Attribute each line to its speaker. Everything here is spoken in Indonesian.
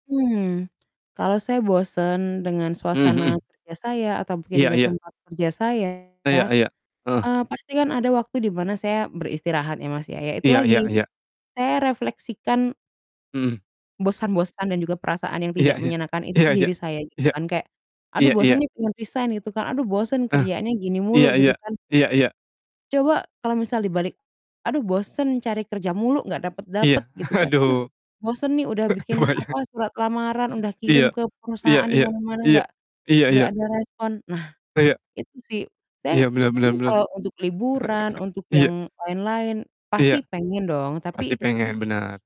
Speaker 1: Hmm, kalau saya bosen dengan
Speaker 2: Mmm,
Speaker 1: suasana
Speaker 2: hmm.
Speaker 1: kerja saya, atau mungkin
Speaker 2: Iya
Speaker 1: dengan
Speaker 2: iya.
Speaker 1: tempat kerja saya,
Speaker 2: Iya iya. Heeh.
Speaker 1: eee, pasti kan ada waktu di mana saya beristirahat ya Mas ya. Ya itu
Speaker 2: Iya
Speaker 1: lagi,
Speaker 2: iya iya.
Speaker 1: saya refleksikan
Speaker 2: Hmm.
Speaker 1: bosan-bosan dan juga perasaan yang
Speaker 2: Iya
Speaker 1: tidak
Speaker 2: iya.
Speaker 1: menyenangkan itu
Speaker 2: Iya
Speaker 1: ke
Speaker 2: iya,
Speaker 1: diri saya, gitu
Speaker 2: iya.
Speaker 1: kan, kayak, "Aduh
Speaker 2: Iya iya.
Speaker 1: bosen nih pengen resign," gitu kan. "Aduh bosen
Speaker 2: Eh,
Speaker 1: kerjaannya gini
Speaker 2: iya
Speaker 1: mulu," gitu
Speaker 2: iya.
Speaker 1: kan.
Speaker 2: Iya iya.
Speaker 1: Coba, kalau misal dibalik, "Aduh bosen, cari kerja mulu nggak dapet-dapet,"
Speaker 2: Iya,
Speaker 1: gitu kan. "Aduh
Speaker 2: aduh,
Speaker 1: bosen nih udah bikin,
Speaker 2: kebayang.
Speaker 1: apa, surat lamaran udah
Speaker 2: Isi
Speaker 1: kirim
Speaker 2: iya.
Speaker 1: ke
Speaker 2: Iya
Speaker 1: perusahaan di
Speaker 2: iya.
Speaker 1: mana-mana
Speaker 2: Iya.
Speaker 1: nggak
Speaker 2: Iya
Speaker 1: nggak
Speaker 2: iya.
Speaker 1: ada respon." Nah,
Speaker 2: Iya.
Speaker 1: itu sih. Saya,
Speaker 2: Iya benar benar
Speaker 1: mungkin
Speaker 2: benar.
Speaker 1: kalau untuk liburan, untuk
Speaker 2: Iya.
Speaker 1: yang lain-lain, pasti
Speaker 2: Iya.
Speaker 1: pengen dong,
Speaker 2: Pasti
Speaker 1: tapi
Speaker 2: pengen, benar.